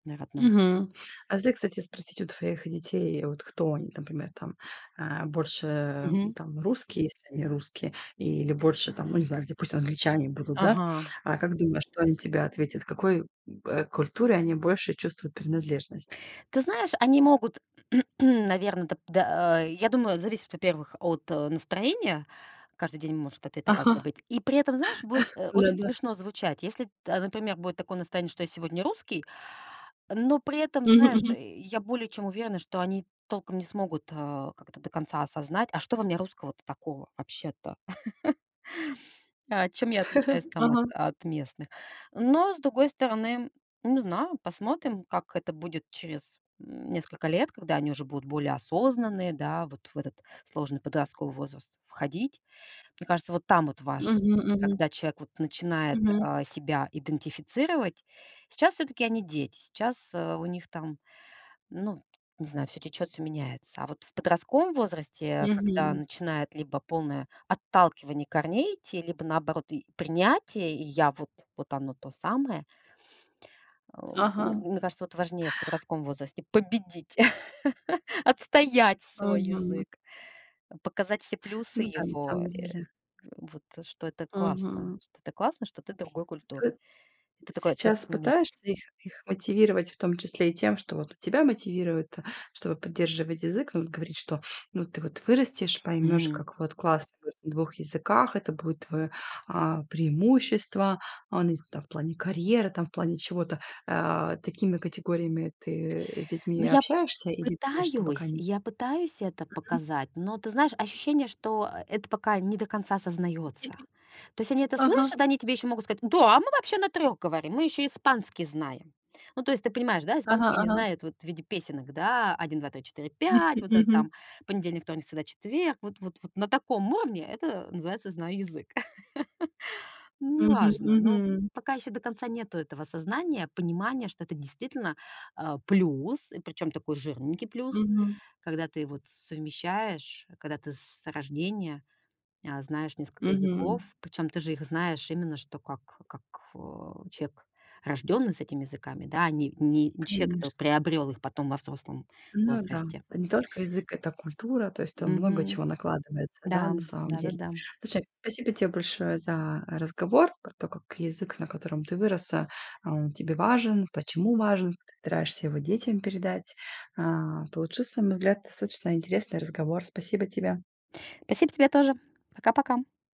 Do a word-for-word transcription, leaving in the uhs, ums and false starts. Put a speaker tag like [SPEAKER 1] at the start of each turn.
[SPEAKER 1] На родном.
[SPEAKER 2] Мгм. А зе кстати, спросить у твоих детей, э, вот кто они, например, там, а, больше
[SPEAKER 1] Мгм.
[SPEAKER 2] там русские, если они русские, или больше, там, ну, не знаю, где пусть англичане будут, да?
[SPEAKER 1] Ага.
[SPEAKER 2] А как думаешь, что они тебе ответят? Какой, м, э, культуре они больше чувствуют принадлежность?
[SPEAKER 1] Ты знаешь, они могут, наверное, да, п да, а я думаю, зависит, во-первых, от, э, настроения. Каждый день может ответ разный
[SPEAKER 2] Ага,
[SPEAKER 1] быть. И при этом, знаешь, будет, а, очень
[SPEAKER 2] да-да.
[SPEAKER 1] смешно звучать. Если, т а, например, будет такое настроение, что я сегодня русский. Но при этом,
[SPEAKER 2] Мгм
[SPEAKER 1] знаешь,
[SPEAKER 2] мгм.
[SPEAKER 1] я более чем уверена, что они толком не смогут, э, как это до конца осознать: "А что во мне русского-то такого вообще-то?" А чем я отличаюсь там от
[SPEAKER 2] Ага.
[SPEAKER 1] от местных? Но с другой стороны, не знаю, посмотрим, как это будет через, м, несколько лет, когда они уже будут более осознанные, да, вот в этот сложный подростковый возраст входить. Мне кажется, вот там вот важно,
[SPEAKER 2] Мгм мгм.
[SPEAKER 1] когда человек вот начинает,
[SPEAKER 2] Мгм.
[SPEAKER 1] э, себя идентифицировать. Сейчас всё-таки они дети. Сейчас, а, у них там, ну, не знаю, всё течёт, всё меняется. А вот в подростковом возрасте, когда
[SPEAKER 2] Мгм.
[SPEAKER 1] начинает либо полное отталкивание корней идти, либо наоборот и принятие, я вот вот оно то самое ам, м,
[SPEAKER 2] Ага.
[SPEAKER 1] мне кажется, вот важнее в подростковом возрасте победить. Отстоять свой
[SPEAKER 2] Мгм.
[SPEAKER 1] язык, показать все плюсы
[SPEAKER 2] Ну да, на
[SPEAKER 1] его,
[SPEAKER 2] самом
[SPEAKER 1] э.
[SPEAKER 2] деле.
[SPEAKER 1] Вот, что это классно.
[SPEAKER 2] Мгм.
[SPEAKER 1] Что это классно, что ты другой культуры. Это такой как
[SPEAKER 2] Сейчас
[SPEAKER 1] микс.
[SPEAKER 2] пытаешься их их мотивировать, в том числе и тем, что вот и тебя мотивировать-то, чтобы поддерживать язык, ну, вот говорить, что: "Ну, вот ты вот вырастешь, поймёшь,
[SPEAKER 1] Мгм.
[SPEAKER 2] как вот классно говорить на двух языках. Это будет твоё, а, преимущество, а, ну, если там, в плане карьеры, там, в плане чего-то". А, такими категориями ты, э, с
[SPEAKER 1] Ну
[SPEAKER 2] детьми
[SPEAKER 1] я
[SPEAKER 2] общаешься или думаешь, что пока
[SPEAKER 1] пытаюсь
[SPEAKER 2] нет?
[SPEAKER 1] я пытаюсь это
[SPEAKER 2] Мгм.
[SPEAKER 1] показать, но, ты знаешь, ощущение, что, а, это пока не до конца осознаётся. То есть они это слышат,
[SPEAKER 2] Ага.
[SPEAKER 1] они тебе ещё могут сказать: "Да, а мы вообще на трех говорим. Мы ещё испанский знаем". Ну, то есть ты понимаешь, да,
[SPEAKER 2] Ага
[SPEAKER 1] испанский они
[SPEAKER 2] ага.
[SPEAKER 1] знают вот в виде песенок, да, один два три четыре
[SPEAKER 2] Мгм
[SPEAKER 1] пять, вот это
[SPEAKER 2] мгм.
[SPEAKER 1] там понедельник, вторник, среда, четверг. Вот-вот вот на таком уровне- это называется "знаю язык".
[SPEAKER 2] Мгм
[SPEAKER 1] Неважно, но
[SPEAKER 2] мгм.
[SPEAKER 1] пока ещё до конца нету этого осознания, понимания, что это действительно, а, плюс, и причём такой жирненький плюс,
[SPEAKER 2] Мгм.
[SPEAKER 1] когда ты вот совмещаешь, когда ты с рождения, а, знаешь несколько
[SPEAKER 2] Мгм.
[SPEAKER 1] языков. Причём ты же их знаешь именно что как как, а, человек, рождённый с этими языками, да, а не не чек, который
[SPEAKER 2] Конечно.
[SPEAKER 1] приобрёл их потом во взрослом
[SPEAKER 2] Ну да.
[SPEAKER 1] возрасте.
[SPEAKER 2] Это не только язык- это культура. То есть там много
[SPEAKER 1] Мгм.
[SPEAKER 2] чего накладывается, да,
[SPEAKER 1] Да,
[SPEAKER 2] на самом деле.
[SPEAKER 1] да-да-да.
[SPEAKER 2] Слушай, спасибо тебе большое за разговор про то, как язык, на котором ты выросла, а он тебе важен, почему важен, как ты стараешься его детям передать, а. Получился, на мой взгляд, достаточно интересный разговор. Спасибо
[SPEAKER 1] Да.
[SPEAKER 2] тебе.
[SPEAKER 1] Спасибо тебе тоже. Пока-пока.